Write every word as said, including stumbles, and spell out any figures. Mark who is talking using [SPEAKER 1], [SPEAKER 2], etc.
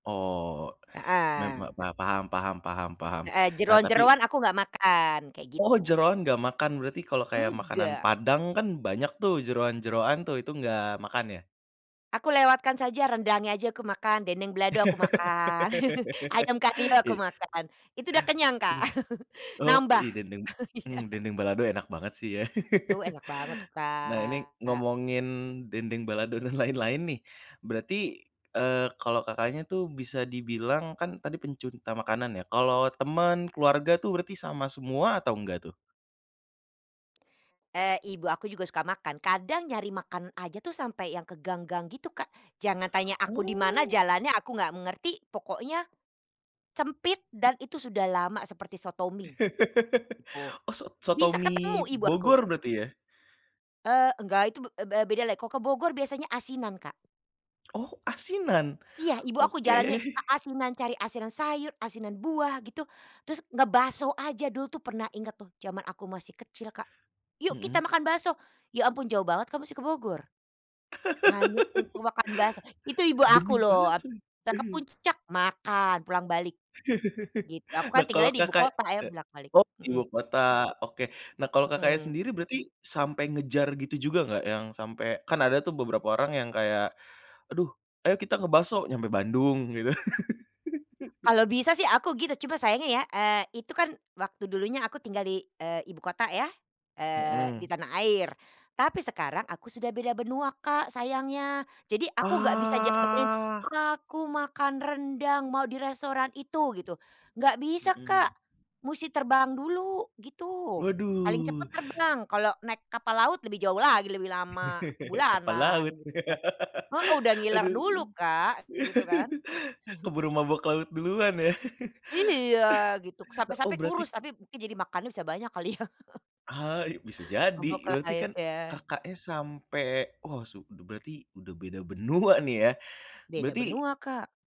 [SPEAKER 1] Oh. Mem
[SPEAKER 2] Heeh.
[SPEAKER 1] ma paham paham paham paham.
[SPEAKER 2] Heeh,
[SPEAKER 1] Nah, tapi
[SPEAKER 2] jeroan-jeroan aku nggak makan, kayak
[SPEAKER 1] Oh,
[SPEAKER 2] gitu.
[SPEAKER 1] jeroan nggak makan? Berarti kalau kayak makanan
[SPEAKER 2] Enggak.
[SPEAKER 1] Padang kan banyak tuh jeroan-jeroan tuh itu nggak makan ya?
[SPEAKER 2] Aku lewatkan saja. Rendangnya aja aku makan, dendeng belado aku makan, ayam kalio aku
[SPEAKER 1] I
[SPEAKER 2] makan. Itu udah kenyang, Kak.
[SPEAKER 1] Aduh. Oke.
[SPEAKER 2] Nambah.
[SPEAKER 1] Ih, dendeng
[SPEAKER 2] Iya.
[SPEAKER 1] mmm, dendeng balado enak banget sih ya.
[SPEAKER 2] Duh, enak banget tuh,
[SPEAKER 1] Nah, ini
[SPEAKER 2] Kak.
[SPEAKER 1] ngomongin dendeng balado dan lain-lain nih. Berarti, eee, kalau Kakaknya tuh bisa dibilang kan tadi pencunta makanan ya. Kalau teman, keluarga tuh berarti sama semua atau nggak tuh?
[SPEAKER 2] Eee, ibu aku juga suka makan, kadang nyari makan aja tuh sampai yang ke gang-gang gitu, Kak. Jangan tanya aku di mana
[SPEAKER 1] Oh.
[SPEAKER 2] jalannya, aku nggak ngerti. Pokoknya sempit dan itu sudah lama seperti soto mi. Gitu.
[SPEAKER 1] Oh, sot soto
[SPEAKER 2] Bisa
[SPEAKER 1] mi,
[SPEAKER 2] ketemu ibu aku.
[SPEAKER 1] Bogor berarti ya?
[SPEAKER 2] Eee, nggak, itu be be bedalah. Kalau ke Bogor biasanya asinan, Kak.
[SPEAKER 1] Oh, asinan?
[SPEAKER 2] Iya, ibu aku jalannya
[SPEAKER 1] Oke.
[SPEAKER 2] a asinan, cari asinan sayur, asinan buah, gitu. Terus ngebakso aja dulu tuh pernah ingat tuh, jaman aku masih kecil, Kak, "Yuk, kita
[SPEAKER 1] Mhm.
[SPEAKER 2] makan bakso!" Ya ampun jauh banget, Kak, musti ke Bogor. Hanya untuk makan bakso, itu ibu
[SPEAKER 1] Demi
[SPEAKER 2] aku loh ap
[SPEAKER 1] bakso?
[SPEAKER 2] kita ke Puncak, makan, pulang balik. Gitu. Aku
[SPEAKER 1] Nah,
[SPEAKER 2] kan
[SPEAKER 1] kalau
[SPEAKER 2] tinggalnya di
[SPEAKER 1] Kakak
[SPEAKER 2] ibukota ya,
[SPEAKER 1] e
[SPEAKER 2] bolak-balik,
[SPEAKER 1] oh,
[SPEAKER 2] mhm.
[SPEAKER 1] ibukota, oke. Nah, kalau Kakaknya
[SPEAKER 2] Mhm.
[SPEAKER 1] sendiri berarti sampai ngejar gitu juga nggak yang sampai kan ada tuh beberapa orang yang kayak, "Aduh, ayo kita nge-bakso." Nyampe Bandung, gitu.
[SPEAKER 2] Kalau bisa sih aku gitu, cuma sayangnya ya, eee, itu kan waktu dulunya aku tinggal di, eee, ibukota ya, eee, di
[SPEAKER 1] Mhm.
[SPEAKER 2] tanah air. Tapi sekarang aku sudah beda benua, Kak, sayangnya. Jadi aku nggak bisa jabanin,
[SPEAKER 1] Ah.
[SPEAKER 2] "Aku makan rendang, mau di restoran itu." Gitu. Nggak bisa, Kak,
[SPEAKER 1] Mhm.
[SPEAKER 2] musti terbang dulu, gitu. Paling
[SPEAKER 1] Waduh.
[SPEAKER 2] cepat terbang, kalau naik kapal laut lebih jauh lagi lebih lama.
[SPEAKER 1] Kapal
[SPEAKER 2] Bulanan,
[SPEAKER 1] laut?
[SPEAKER 2] gitu kan. Heeh, udah ngiler
[SPEAKER 1] Aduh.
[SPEAKER 2] dulu, Kak. Gitu kan.
[SPEAKER 1] Keburu mabuk laut duluan ya.
[SPEAKER 2] Iya, gitu.
[SPEAKER 1] Oh,
[SPEAKER 2] Sampai-sampai
[SPEAKER 1] berarti
[SPEAKER 2] kurus tapi mungkin jadi makannya bisa banyak kali ya.
[SPEAKER 1] Ah, bisa jadi.
[SPEAKER 2] Maboklah
[SPEAKER 1] Berarti kan
[SPEAKER 2] itu ya.
[SPEAKER 1] Kakaknya sampai oh, su udah berarti, udah beda benua nih ya.
[SPEAKER 2] Beda
[SPEAKER 1] Berarti
[SPEAKER 2] benua, Kak.